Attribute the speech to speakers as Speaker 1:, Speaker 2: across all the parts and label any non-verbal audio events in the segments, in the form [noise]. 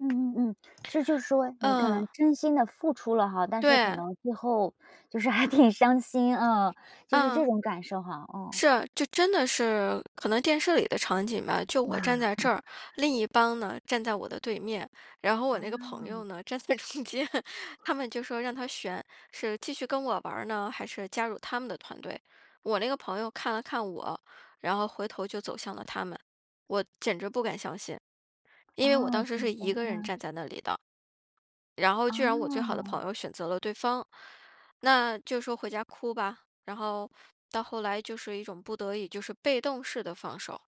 Speaker 1: 嗯嗯嗯。其实就是说你可能
Speaker 2: 嗯。
Speaker 1: 真心地付出了哈，但是可
Speaker 2: 对。
Speaker 1: 能最后就是还挺伤心啊，就是这
Speaker 2: 嗯。
Speaker 1: 种感受哈。嗯。
Speaker 2: 是啊，就真的是可能电视里的场景吧，就我站在这儿，
Speaker 1: [laughs]
Speaker 2: 另一帮呢，站在我的对面，然后我那个朋友
Speaker 1: 哦。
Speaker 2: 呢，站在中间。他们就说让他选，是继续跟我玩儿呢？还是加入他们的团队？我那个朋友看了看我，然后回头就走向了他们。我简直不敢相信，因为我当
Speaker 1: 哦。。
Speaker 2: 时是一个人
Speaker 1: [unintelligible]
Speaker 2: 站在那里的。然后居然我最好的
Speaker 1: 哦。
Speaker 2: 朋友选择了对方，那就说回家哭吧，然后到后来就是一种不得已就是被动式的放手，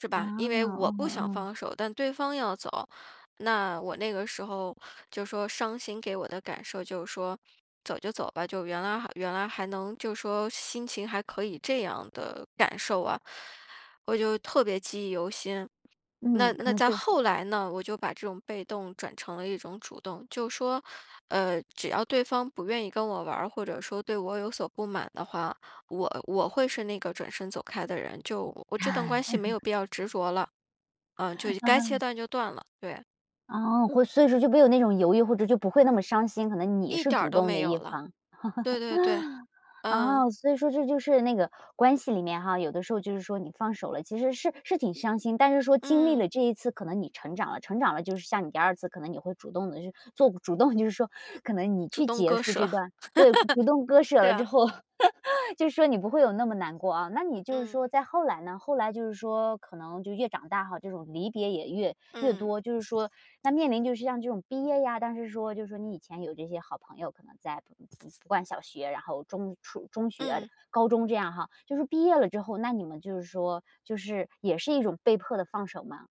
Speaker 2: 是
Speaker 1: 啊，
Speaker 2: 吧？因为我不
Speaker 1: 哦
Speaker 2: 想
Speaker 1: 哦。
Speaker 2: 放手，但对方要走，那我那个时候就说伤心给我的感受就是说走就走吧，就原来原来还能就说心情还可以这样的感受啊。我就特别记忆犹新，
Speaker 1: 嗯，
Speaker 2: 那
Speaker 1: 可
Speaker 2: 那
Speaker 1: 能
Speaker 2: 到
Speaker 1: 就
Speaker 2: 后来呢，我就把这种被动转成了一种主动，就说，呃，只要对方不愿意跟我玩儿或者说对我有所不满的话，我我会是那个转身走开的人，就我这段关系没有
Speaker 1: [laughs]
Speaker 2: 必要执着了，呃，就该切
Speaker 1: 嗯。
Speaker 2: 断就断了。对。
Speaker 1: 啊，会所以说就没有那种犹豫，或者就不会那么伤心，可能你
Speaker 2: 一
Speaker 1: 是
Speaker 2: 点儿
Speaker 1: 主
Speaker 2: 都
Speaker 1: 动
Speaker 2: 没
Speaker 1: 的
Speaker 2: 有
Speaker 1: 一
Speaker 2: 了。
Speaker 1: 方。
Speaker 2: 对对对。
Speaker 1: [laughs]
Speaker 2: 嗯。
Speaker 1: 啊，所以说这就是那个关系里面哈，有的时候就是说你放手了其实是是挺伤心，但是说经历
Speaker 2: 嗯。
Speaker 1: 了这一次可能你成长了。成长了，就是像你第2次可能你会主动地去做主动就是说可能你
Speaker 2: 主
Speaker 1: 去
Speaker 2: 动
Speaker 1: 结
Speaker 2: 割
Speaker 1: 束这
Speaker 2: 舍。
Speaker 1: 段对，主动割
Speaker 2: [laughs]
Speaker 1: 舍
Speaker 2: 对
Speaker 1: 了之
Speaker 2: 啊。
Speaker 1: 后，[laughs] 就是说你不会有那么难过哦。那你就是
Speaker 2: 嗯。
Speaker 1: 说再后来呢？后来就是说可能就越长大哈，这种离别也越越
Speaker 2: 嗯。
Speaker 1: 多，就是说那面临就是像这种毕业呀，但是说就说你以前有这些好朋友可能在 [unintelligible] 小学，然后中初中学、
Speaker 2: 嗯。
Speaker 1: 高中这样哈，就说毕业了之后那你们就是说就是也是一种被迫的放手吗？